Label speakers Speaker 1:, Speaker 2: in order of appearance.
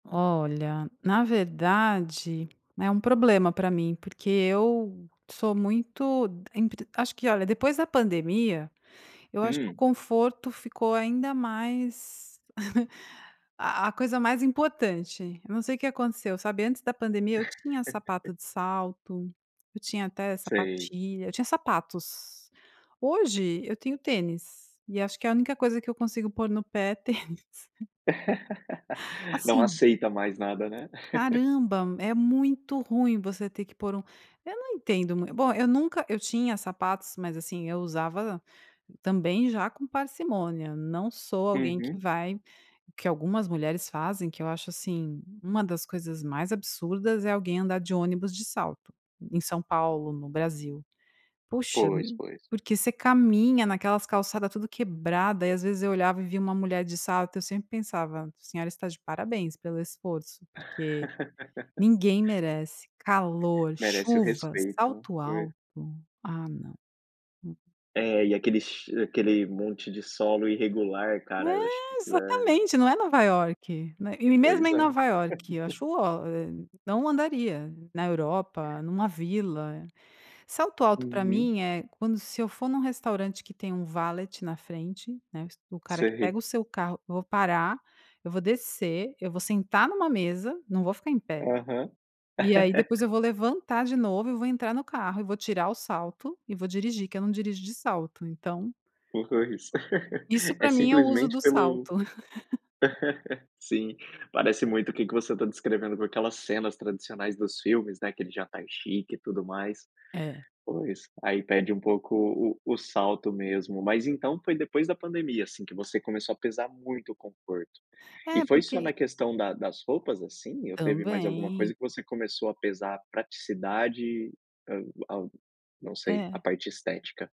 Speaker 1: Olha, na verdade, é um problema pra mim, porque eu sou muito de empre Acho que, olha, depois da pandemia, eu acho que o
Speaker 2: Hum.
Speaker 1: conforto ficou ainda mais a a coisa mais importante. Eu não sei o que aconteceu, sabe, antes da pandemia, eu tinha sapato de salto, eu tinha até
Speaker 2: Sei.
Speaker 1: sapatilha, eu tinha sapatos. Hoje, eu tenho tênis, e acho que a única coisa que eu consigo pôr no pé, é tênis.
Speaker 2: Não
Speaker 1: Assim
Speaker 2: aceita mais nada, né?
Speaker 1: Caramba, é muito ruim você ter que pôr um eu não entendo mui bom, eu nunca eu tinha sapatos, mas, assim, eu usava, também, já com parcimônia, não sou alguém que
Speaker 2: Uhum.
Speaker 1: vai que algumas mulheres fazem, que eu acho, assim, uma das coisas mais absurdas, é alguém andar de ônibus de salto, em São Paulo, no Brasil. Puxa,
Speaker 2: Pois, pois.
Speaker 1: porque você caminha naquelas calçada tudo quebrada e, às vezes, eu olhava e via uma mulher de salto, eu sempre pensava: "A senhora está de parabéns pelo esforço, porque ninguém merece calor,
Speaker 2: Merece o
Speaker 1: chuvas,
Speaker 2: respeito,
Speaker 1: salto
Speaker 2: pois.
Speaker 1: alto". Ah, não. Hum.
Speaker 2: É, e aquele che aquele monte de solo irregular, cara, eu acho que
Speaker 1: É,
Speaker 2: aquilo é
Speaker 1: exatamente, não é Nova Iorque, né, e mesmo
Speaker 2: Pois
Speaker 1: em
Speaker 2: é.
Speaker 1: Nova Iorque, eu acho o ó, éh, não andaria, na Europa, numa vila. Salto alto, pra mim,
Speaker 2: Uhum.
Speaker 1: é quando se eu for num restaurante que tem um valet na frente, né, o cara que pega
Speaker 2: Sei.
Speaker 1: o seu carro, eu vou parar, eu vou descer, eu vou sentar numa mesa, não vou ficar em pé,
Speaker 2: Aham.
Speaker 1: e aí, depois, eu vou levantar de novo, e vou entrar no carro, e vou tirar o salto, e vou dirigir, que eu não dirijo de salto, então
Speaker 2: Pois,
Speaker 1: Isso
Speaker 2: é
Speaker 1: pra mim é o uso
Speaker 2: simplesmente
Speaker 1: do
Speaker 2: pelo
Speaker 1: salto.
Speaker 2: Sim, parece muito o que que você está descrevendo, por aquelas cenas tradicionais dos filmes, né, aquele jantar chique e tudo mais.
Speaker 1: É.
Speaker 2: Pois, aí pede um pouco o o salto mesmo. Mas, então, foi depois da pandemia, assim, que você começou a pesar muito o conforto. E
Speaker 1: É,
Speaker 2: foi
Speaker 1: porque
Speaker 2: só
Speaker 1: i
Speaker 2: na questão da das roupas, assim? Ou teve mais alguma
Speaker 1: Também.
Speaker 2: coisa que você começou a pesar praticidade, hã hã, não sei, a
Speaker 1: É.
Speaker 2: parte estética.